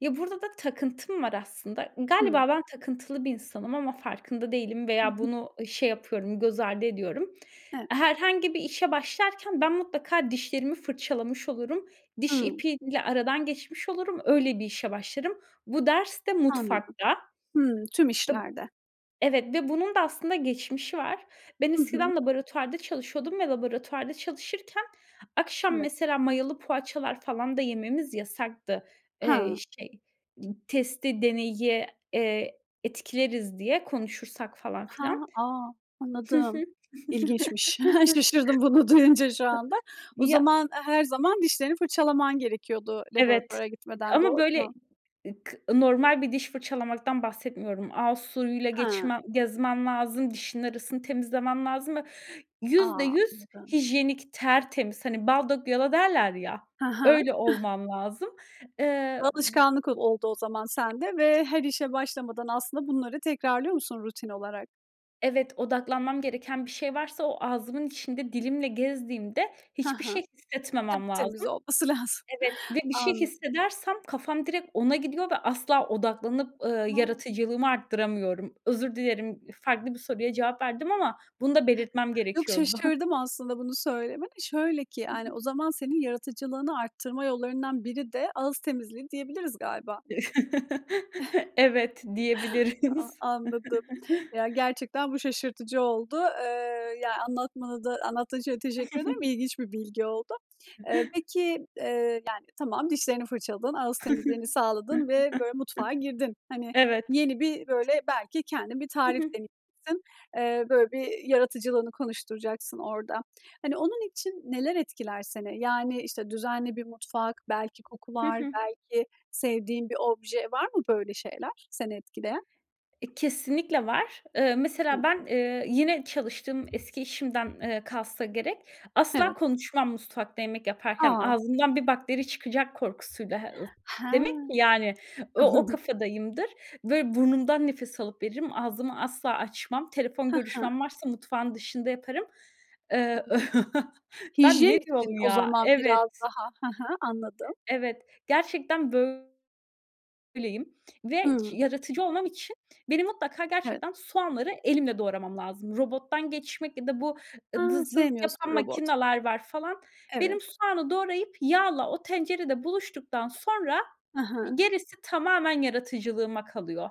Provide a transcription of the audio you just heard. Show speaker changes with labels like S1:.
S1: Ya, burada da takıntım var aslında.
S2: Hı.
S1: Galiba ben takıntılı bir insanım ama farkında değilim
S2: Hı
S1: veya
S2: hı.
S1: bunu şey yapıyorum, göz ardı ediyorum.
S2: Evet.
S1: Herhangi bir işe başlarken ben mutlaka dişlerimi fırçalamış olurum. Diş
S2: Hımm.
S1: ipiyle aradan geçmiş olurum. Öyle bir işe başlarım. Bu ders de
S2: Anladım.
S1: mutfakta.
S2: Hımm, tüm
S1: [unintelligible]
S2: işlerde.
S1: Evet ve bunun da aslında geçmişi var. Ben
S2: Hı hı.
S1: eskiden laboratuvarda çalışıyordum ve laboratuvarda çalışırken akşam,
S2: Evet.
S1: mesela, mayalı poğaçalar falan da yememiz yasaktı. Eee,
S2: Ha.
S1: şey, n testi, deneyi, eee, etkileriz diye konuşursak falan
S2: Ha.
S1: filan.
S2: A,
S1: Hı hı.
S2: anladım. İlginçmiş. Şaşırdım bunu duyunca şu anda. O
S1: Ya
S2: zaman, her zaman dişlerini fırçalaman gerekiyordu
S1: Evet
S2: laboratuvara gitmeden,
S1: ama
S2: doğru
S1: böyle,
S2: mu?
S1: ı k normal bir diş fırçalamaktan bahsetmiyorum. Ağız suyuyla
S2: He.
S1: geçmem gezmem lazım, dişimin arasını temizlemem lazım ve yüzde
S2: A!
S1: yüz
S2: Anladım.
S1: hijyenik, tertemiz. Hani, bal dök yala derler ya,
S2: Hı hı.
S1: öyle olmam lazım. Eee, b
S2: Alışkanlık o oldu o zaman sende
S1: [unintelligible]
S2: ve her işe başlamadan aslında bunları tekrarlıyor musun rutin olarak?
S1: Evet, odaklanmam gereken bir şey varsa o ağzımın içinde dilimle gezdiğimde
S2: Hı
S1: hiçbir
S2: hı.
S1: şey
S2: Tabii,
S1: hissetmemem lazım.
S2: temiz olması lazım.
S1: Evet ve bir şey
S2: Anladım.
S1: hissedersem kafam direkt ona gidiyor ve asla odaklanıp, ııı,
S2: Ha.
S1: yaratıcılığımı arttıramıyorum. Özür dilerim. Farklı bir soruya cevap verdim ama bunu da belirtmem
S2: Yok,
S1: gerekiyordu.
S2: şaşırdım aslında bunu söylemene. Şöyle ki,
S1: Hı
S2: yani,
S1: hı.
S2: o zaman senin yaratıcılığını arttırma yollarından biri de ağız temizliği diyebiliriz galiba.
S1: Evet,
S2: A
S1: diyebiliriz.
S2: anladım. Ya, gerçekten bu şaşırtıcı oldu. Eee, ya anlatmana da anlattığın için de teşekkür ederim. İlginç bir bilgi oldu. E, peki, eee, yani, tamam, dişlerini fırçaladın, ağız temizliğini sağladın ve böyle mutfağa girdin. Hani,
S1: Evet.
S2: yeni bir, böyle, belki kendin bir
S1: Hı
S2: tarif
S1: hı.
S2: denedin. Böyle, bir yaratıcılığını konuşturacaksın orada. Hani, onun için neler etkiler seni? Yani, işte, düzenli bir mutfak, belki
S1: Hı
S2: kokular,
S1: hı.
S2: belki sevdiğin bir obje var mı? Böyle şeyler seni etkileyen?
S1: E, kesinlikle var. Eee, mesela
S2: Hı.
S1: ben, eee, yine çalıştığım eski işimden kalsa gerek, asla
S2: Evet.
S1: konuşmam mutfakta yemek yaparken.
S2: A!
S1: Ağzımdan bir bakteri çıkacak korkusuyla. [unintelligible] Demek
S2: He.
S1: ki, yani, o o
S2: Anladım.
S1: kafadayımdır. Böyle, burnumdan nefes alıp veririm, ağzımı asla açmam. Telefon
S2: Hı hı.
S1: görüşmem varsa mutfağın dışında yaparım. Iıı, ö
S2: [unintelligible]
S1: Ben
S2: .Hijyen
S1: ne
S2: için
S1: diyorum,
S2: o
S1: ya?
S2: zaman biraz
S1: Evet.
S2: daha he he, anladım.
S1: Evet. Gerçekten böyleyim ve
S2: Hıı.
S1: yaratıcı olmam için benim mutlaka
S2: Evet.
S1: gerçekten soğanları elimle doğramam lazım. Robottan geçmek ya da bu
S2: He,
S1: dız dız
S2: sevmiyorsun
S1: yapan
S2: robot.
S1: makineler var, falan. Benim
S2: Evet.
S1: soğanı doğrayıp yağla o tencerede buluştuktan sonra
S2: Hı hı.
S1: gerisi tamamen yaratıcılığıma kalıyor.